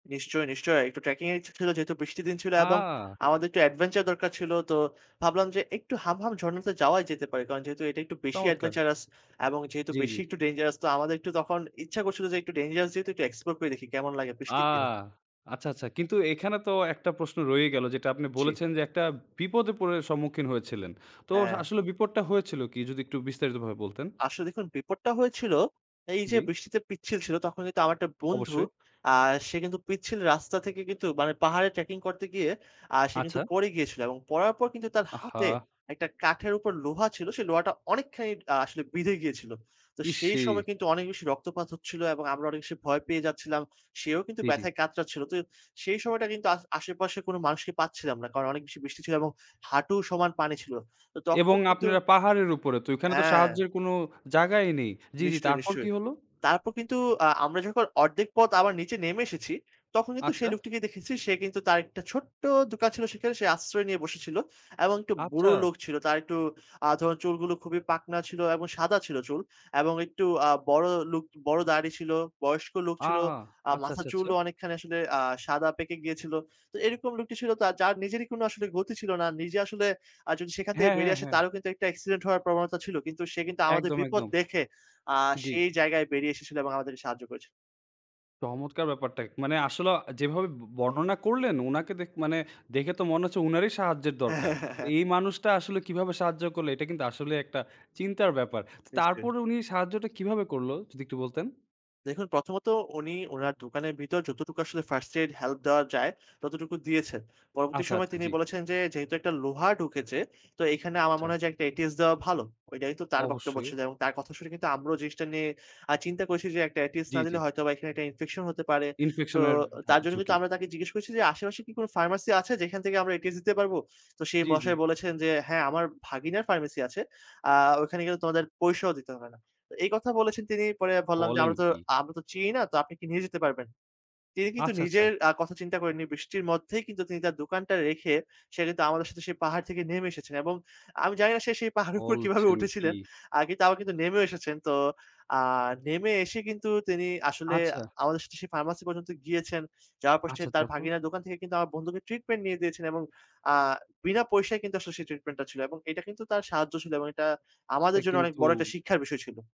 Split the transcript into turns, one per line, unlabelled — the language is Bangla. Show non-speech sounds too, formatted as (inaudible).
নিশ্চয়, নিশ্চয়ই একটু ট্র্যাকিং এর ইচ্ছা ছিল যেহেতু বৃষ্টির দিন ছিল এবং
আহ!
আমাদের একটু এডভেঞ্চার দরকার ছিল। তো ভাবলাম যে একটু হামহাম ঝরণাতে যাওয়াই যেতে পারে। কারণ যেহেতু এটা একটু বেশি
চমৎকার।
এডভেঞ্চারাস এবং যেহেতু
জি, জি।
বেশি একটু ডেঞ্জারাস। তো আমাদের একটু তখন ইচ্ছা করছিল যে একটু ডেঞ্জারাস যেহেতু একটু এক্সপ্লোর করে দেখি কেমন লাগে বৃষ্টির দিনে।
আহ! আচ্ছা, আচ্ছা। কিন্তু এখানে তো একটা প্রশ্ন রয়েই গেল যেটা আপনি
জি।
বলেছেন যে একটা বিপদে পরে সম্মুখীন হয়েছিলেন। তো আস
হ্যাঁ।
আসলে বিপদটা হয়েছিল কি যদি একটু বিস্তারিত ভাবে বলতেন?
আসলে দেখুন বিপদটা হয়েছিল এই যে
জি।
বৃষ্টিতে পিচ্ছিল ছিল, তখন কিন্তু আমার একটা বন্ধু
অবশ্যই।
আ সে কিন্তু পিচ্ছিল রাস্তা থেকে কিন্তু মানে পাহাড়ে ট্র্যাকিং করতে গিয়ে আ সে কিন্তু
আচ্ছা।
পরে গিয়েছিল এবং পড়ার পর কিন্তু তার হাতে
আহা!
একটা কাঠের উপর লোহা ছিল, সেই লোহাটা অনেকখানি আ আসলে বিঁধে গিয়েছিল। তো সেই সময়
ইশই!
কিন্তু অনেক বেশি রক্তপাত হচ্ছিল এবং আমরা অনেক বেশি ভয় পেয়ে যাচ্ছিলাম, সেও কিন্তু
জি, জি।
ব্যথায় কাতড়াচ্ছিল। তো সেই সময়টা কিন্তু আস আশেপাশে কোনো মানুষকে পাচ্ছিলাম না। কারণ অনেক বেশি বৃষ্টি ছিল এবং হাঁটু সমান পানি ছিল। তো
এবং
তখন কিন্তু
আপনারা পাহাড়ের উপরে তো ওখানে তো
হ্যাঁ।
সাহায্যের কোনো জায়গাই নেই। জি, জি,
নিশ্চয়ই,
তারপর কি
নিশ্চয়ই।
হল?
তারপর কিন্তু আ আমরা যখন অর্ধেক পথ আবার নিচে নেমে এসেছি, তখন কিন্তু
আচ্ছা।
সেই লোকটিকে দেখেছি সে কিন্তু তার একটা ছোট্ট দোকান ছিল সেখানে সে আশ্রয় নিয়ে বসেছিল। এবং একটু বুড়ো
আচ্ছা।
লোক ছিল তার একটু আ ধরুন চুলগুলো খুবই পাকনা ছিল এবং সাদা ছিল চুল এবং একটু আ বড় লুক, বড় দাড়ি ছিল, বয়স্ক লোক ছিল,
আহ!
আ
আচ্ছা,
মাথার
আচ্ছা, আচ্ছা।
চুলও অনেকখানি আসলে আ সাদা পেকে গিয়েছিল। তো এরকম লোকটি ছিল যার নিজেরই কোনো আসলে গতি ছিল না নিজে আসলে আ যদি সেখান থেকে
হ্যাঁ, হ্যাঁ,
বেরিয়ে আসে
হ্যাঁ।
তারও কিন্তু একটা অ্যাক্সিডেন্ট হওয়ার প্রবণতা ছিল। কিন্তু সে কিন্তু আমাদের
একদম,
বিপদ
একদম।
দেখে আ
জি।
সেই জায়গায় বেরিয়ে এসেছিল এবং আমাদেরকে সাহায্য করেছিল।
চমৎকার ব্যাপারটা। মানে আসলে অ যেভাবে ব বর্ণনা করলেন উনাকে দে মানে দেখে তো মনে হচ্ছে উনারই সাহায্যের দরকার। এই
(chuckles)
মানুষটা আসলে কিভাবে সাহায্য করলো এটা কিন্তু আসলে একটা চিন্তার ব্যাপার। তো
নিশ্চয়ই।
তারপরে উনি সাহায্যটা কিভাবে করল? যদি একটু বলতেন।
দেখুন প্রথমত উনি উনার দোকানের ভিতর যতটুকু আসলে ফার্স্ট এইড হেল্প দেওয়া যায়, ততটুকু দিয়েছে পরবর্তী
আচ্ছা,
সময়ে
আচ্ছা,
তিনি
জি।
বলেছেন যে, "যেহেতু একটা লোহা ঢুকেছে তো এখানে আমার
আচ্ছা।
মনে হয় যে একটা ATS দেওয়া ভালো।" এটাই তো তার বক্তব্য
অবশ্যই।
ছিল এবং তার কথা শুনে কিন্তু আমরাও জিনিসটা নিয়ে আ চিন্তা করেছি যে একটা ATS
জ্বী,
না দিলে
জ্বী।
হয়তোবা এখানে একটা ইনফেকশন হতে পারে। তো
ইনফেকশন এর দা
তার জন্য কিন্তু
ঝুঁকি।
আমরা তাকে জিজ্ঞেস করছি যে, "আশেপাশে কি কোনো ফার্মেসি আছে যেখান থেকে আমরা ATS দিতে পারবো?" তো সেই
জি, জি।
মশাই বলেছেন যে, "হ্যাঁ, আমার ভাগিনার ফার্মেসি আছে, আ ওখানে গেলে তোমাদের পয়সাও দিতে হবে না।" তো এই কথা বলেছেন তিনি। পরে বললাম যে,
বলেন
"আমরা তো
কী?
আমরা তো চিনি না, তো আপনি কি নিয়ে যেতে পারবেন?" তিনি কিন্তু
আচ্ছা, আচ্ছা।
নিজের আ কথা চিন্তা করেননি বৃষ্টির মধ্যেই কিন্তু তিনি তার দোকানটা রেখে সে কিন্তু আমাদের সাথে সেই পাহাড় থেকে নেমে এসেছেন এবং আমি জানি না সে সেই পাহাড়ের উপর কিভাবে
বলছেন কি?
উঠেছিলেন। আ কিন্তু তাও কিন্তু নেমেও এসেছেন। তো আ নেমে এসে কিন্তু তিনি আসলে
আচ্ছা।
আমাদের সাথে সেই ফার্মাসি পর্যন্ত গিয়েছেন। যাওয়ার পর
আচ্ছা
তার
তারপর?
ভাগিনা দোকান থেকে কিন্তু আমার বন্ধুকে ট্রিটমেন্ট নিয়ে দিয়েছেন এবং আ বিনা পয়সায় কিন্তু আসলে সেই ট্রিটমেন্টটা ছিল এবং এটা কিন্তু তার সাহায্য ছিল এবং এটা আমাদের
এটা
জন্য অনেক
কিন্তু
বড় একটা শিক্ষার বিষয় ছিল।